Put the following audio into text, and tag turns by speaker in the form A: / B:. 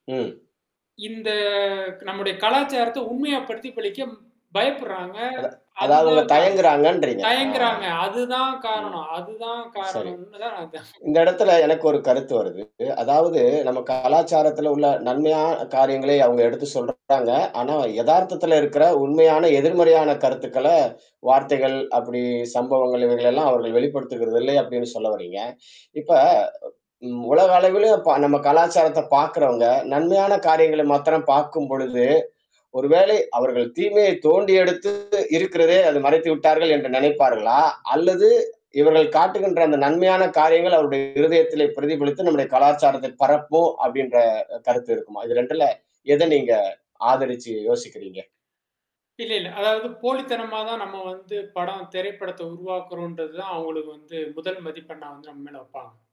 A: ம்.
B: இந்த நம்முடைய கலாச்சாரத்த உண்மையா பிரதிபலிக்க பயப்படுறாங்க.
A: அத அதாவது அவுங்க
B: அதுதான் காரணம்.
A: தயங்குறாங்கன்றீங்க. ஆ.
B: தயங்குறாங்க அதுதான்
A: ம்.
B: காரணம் அதுதான்
A: சரி
B: காரணம்னு தான் நான்
A: இந்த இடத்துல எனக்கு ஒரு கருத்து வருது. அதாவது நம்ம கலாச்சாரத்துல உள்ள நன்மையான காரியங்களை அவுங்க எடுத்து சொல்றாங்க. ஆனா எதார்த்தத்துல இருக்கற உண்மையான, எதிர்மறையான கருத்துக்கள வார்த்தைகள், அப்டி சம்பவங்கள், இவைகள எல்லாம் அவர்கள் வெளிப்படுத்துகிறது இல்லை அப்டின்னு சொல்ல வர்றீங்க. இப்ப ம் உலக அளவிலும் ப நம்ம கலாச்சாரத்த பார்க்கறவங்க நன்மையான காரியங்கள மாத்திரம் பார்க்கும்பொழுது, ஒரு வேளை அவர்கள் தீமையை தோண்டி எடுத்து இருக்கிறதே அது மறைத்து விட்டார்கள் என்று நெனைப்பார்களா? அல்லது இவர்கள் காட்டுகின்ற அந்த நன்மையான காரியங்கள் அவருடைய இருதயத்திலே பிரதிபலித்து நம்முடைய கலாச்சாரத்தில் பரப்புவோம் அப்டின்ற கருத்து இருக்குமா? இது 2ல எது நீங்க ஆதரிச்சு யோசிக்கிறீங்க?
B: இல்ல, இல்ல. அதாவது போலித்தனமா தான் நம்ம வந்து படம் திரைப்படத்த உருவாக்குறோன்றது தான் அவங்களுக்கு வந்து முதல் மதிப்பெண்ணா வந்து நம்ம மேல வப்பங்க.